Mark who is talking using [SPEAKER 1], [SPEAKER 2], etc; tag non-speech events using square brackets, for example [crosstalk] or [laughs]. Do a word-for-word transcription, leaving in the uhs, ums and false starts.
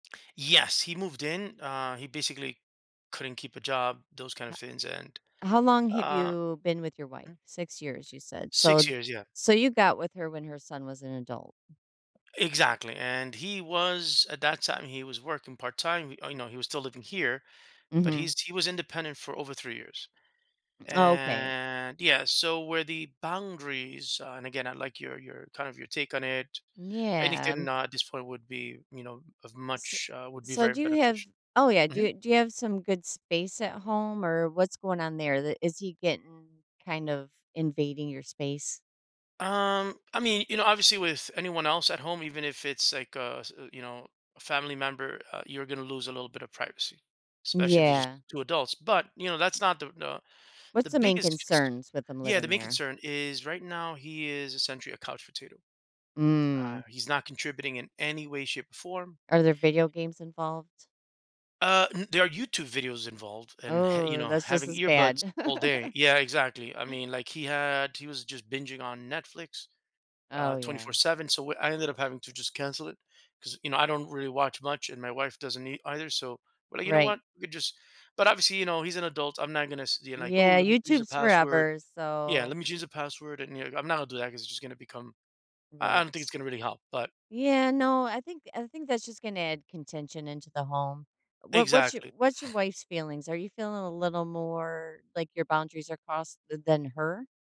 [SPEAKER 1] Yes, he moved in. Uh, he basically couldn't keep a job, those kind of
[SPEAKER 2] Ho
[SPEAKER 1] things and
[SPEAKER 2] how long have
[SPEAKER 1] um
[SPEAKER 2] you been with your wife?
[SPEAKER 1] m
[SPEAKER 2] Six years, you said.
[SPEAKER 1] Six
[SPEAKER 2] So
[SPEAKER 1] years, yeah.
[SPEAKER 2] so you got with her when her son was an adult.
[SPEAKER 1] Exactly, and he was at that time, he was working part-time. Y oh, no, he was still living here, but
[SPEAKER 2] Mhm.
[SPEAKER 1] he's he was independent for over three years.
[SPEAKER 2] Oh, okay.
[SPEAKER 1] And yeah, so where the boundaries, uh and, again, I like your your kind of your take on it,
[SPEAKER 2] Yeah.
[SPEAKER 1] anything, uh, at this point would be, you know, of
[SPEAKER 2] S
[SPEAKER 1] much, uh, would be
[SPEAKER 2] so
[SPEAKER 1] very
[SPEAKER 2] do you have
[SPEAKER 1] beneficial.
[SPEAKER 2] oh, yeah, do
[SPEAKER 1] Mhm.
[SPEAKER 2] you do you have some good space at home, or what's going on there? The is he getting kind of invading your space?
[SPEAKER 1] Um, I mean, you know, obviously, with anyone else at home, even if it's, like, a, s you know, a family member, uh, you're gonna lose a little bit of privacy, especially if it's just
[SPEAKER 2] Yeah.
[SPEAKER 1] two adults. But, you know, that's not the the the
[SPEAKER 2] What's the main
[SPEAKER 1] biggest
[SPEAKER 2] concerns with them
[SPEAKER 1] yeah, the
[SPEAKER 2] living
[SPEAKER 1] main
[SPEAKER 2] there?
[SPEAKER 1] concern is right now, he is essentially a couch potato. Uh,
[SPEAKER 2] Mm.
[SPEAKER 1] he's not contributing in any way, shape, or form.
[SPEAKER 2] Are there video games involved?
[SPEAKER 1] Uh, n there are YouTube videos involved and, [scoffs] you
[SPEAKER 2] Ooh,
[SPEAKER 1] know,
[SPEAKER 2] that's just
[SPEAKER 1] having
[SPEAKER 2] as
[SPEAKER 1] earbuds
[SPEAKER 2] bad.
[SPEAKER 1] all day
[SPEAKER 2] [laughs]
[SPEAKER 1] yeah, exactly. I mean, like, he had he was just binging on Netflix, uh,
[SPEAKER 2] Oh,
[SPEAKER 1] twenty
[SPEAKER 2] yeah.
[SPEAKER 1] four seven, so what I ended up having to just cancel it 'cause, you know, I don't really watch much and my wife doesn't ei either. So but, you know
[SPEAKER 2] Right.
[SPEAKER 1] what? We just but obviously, you know, he's an adult. I'm not gonna s you know like, "Oh,
[SPEAKER 2] Yeah,
[SPEAKER 1] let me change the
[SPEAKER 2] YouTube's
[SPEAKER 1] password"
[SPEAKER 2] forever,
[SPEAKER 1] yeah,
[SPEAKER 2] so
[SPEAKER 1] "Let me change the password," and, you know, I'm not gonna do that because it's just gonna become I I don't think it's
[SPEAKER 2] Right.
[SPEAKER 1] gonna really help. But
[SPEAKER 2] Yeah, no, I think I think that's just gonna add contention into the home. What what's your
[SPEAKER 1] Exactly.
[SPEAKER 2] what's your
[SPEAKER 1] [scoffs]
[SPEAKER 2] wife's feelings? Are you feeling a little more like your boundaries are crossed th than her?